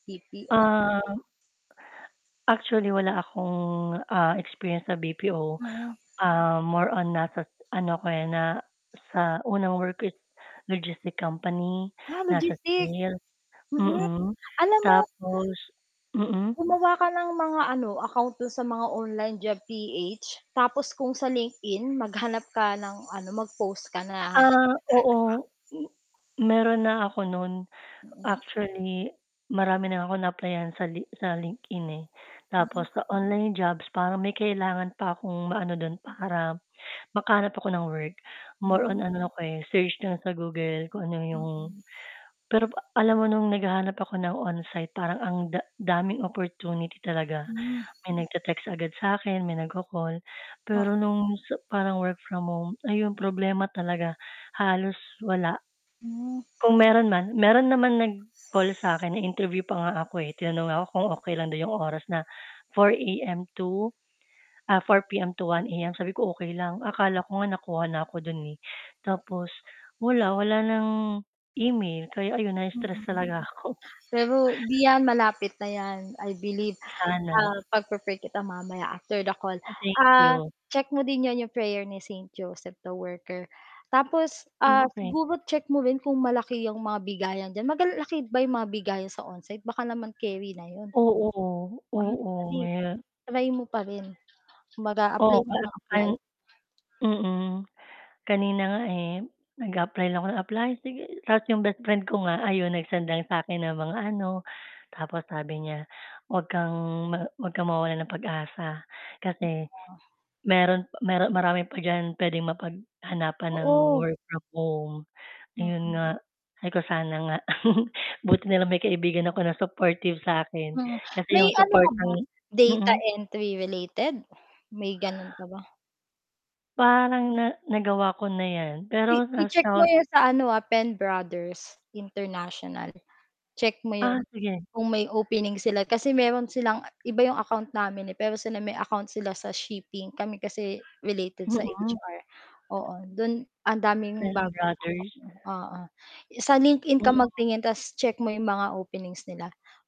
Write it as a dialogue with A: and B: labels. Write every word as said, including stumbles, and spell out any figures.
A: B-P-O.
B: Um. Actually, wala akong, ah, experience sa B-P-O,
A: Mm.
B: ah, more on nasa s ano ako, eh, na sa unang work ko is logistic company,
A: Ah,
B: nasa
A: logistics,
B: sale
A: mm,
B: mm,
A: alam mo
B: tapos mm.
A: Gumawa ka ng mga ano, account do'n sa mga OnlineJobs.ph tapos kung sa LinkedIn maghanap ka ng ano, mag-post ka na naghahanap
B: Ah,
A: ka.
B: oo. M meron na ako no'n,
A: Mm.
B: actually marami na akong naaplayan sa Li sa LinkedIn, eh,
A: Mhm.
B: tapos sa online jobs, parang may kailangan pa akong maano do'n para makahanap ako ng work. More
A: Hmm.
B: on ano ako, eh, search lang sa Google kung ano 'yong
A: Mm.
B: pero pa alam mo no'ng naghahanap ako ng on-site, parang ang da daming opportunity talaga,
A: Hmm.
B: may nagte-text agad sa'kin, may nagko-call,
A: Oh.
B: pero no'ng sa parang work from home, ayun, problema talaga, halos wala.
A: Hmm.
B: Kung meron man meron naman nag-call sa akin, na-interview pa nga ako, eh, tinanong nga ako kung okey lang daw 'yong oras na four A-M to, ah, four P-M to one A-M, sabi ko, "okey lang." Akala ko nga nakuha na ako do'n, eh, tapos wala wala ng email, kaya ayun, na-stress
A: Mm,
B: talaga ako.
A: pero 'di 'yan, malapit na 'yan, I believe, ah,
B: Sana.
A: pagpi-pray kita mamaya after the call.
B: Ah, thank
A: Ah,
B: you.
A: check mo din 'yan 'yong prayer ni Saint Joseph the Worker, tapos,
B: Ah,
A: ah,
B: okey.
A: siguro check mo rin kung malaki 'yong mga bigayan diyan, maga laki ba 'yong mga bigayan sa onsite, baka naman keri na 'yon.
B: Oo, oo
A: [unintelligible]
B: maya.
A: Try mo pa rin, mag-a-apply
B: Oh,
A: ka
B: parehas
A: ng apply.
B: tayong mm. Kanina nga, eh, nag-a-apply lang ako ng apply, sige. Tapos 'yong bestfriend ko nga, ayun nag-send ng sa'kin ng mga ano, tapos sabi niya, "Huwag kang ma huwag kang mawalan ng pag-asa, kasi
A: [unintelligible]
B: meron mero marami pa diyan puwedeng mapaghanapan ng
A: Oo.
B: work from home." Iyon
A: Mm.
B: nga, ay kung sana nga, buti na lang may kaibigan ako na supportive sa akin,
A: Hmm,
B: kasi
A: may
B: 'yong
A: ano
B: support
A: ka ba,
B: ng
A: data
B: mm.
A: entry related, may gano'n ka ba?
B: Parang na nagawa ko na 'yan,
A: I
B: pero
A: i-check
B: nasa
A: mo
B: hos
A: 'yon sa ano, ah, Penbrothers International, check mo
B: Ah,
A: 'yon,
B: sige.
A: kung may opening sila, kasi meron silang iba 'yong account namin, eh, pero sila may account sila sa shipping, kami kasi related sa
B: Mm.
A: H-R, oo, do'n ang daming bagong
B: Penbrothers?
A: [unintelligible] oo, sa LinkedIn ka
B: [unintelligible]
A: magtingin, tas check mo 'yong mga openings nila.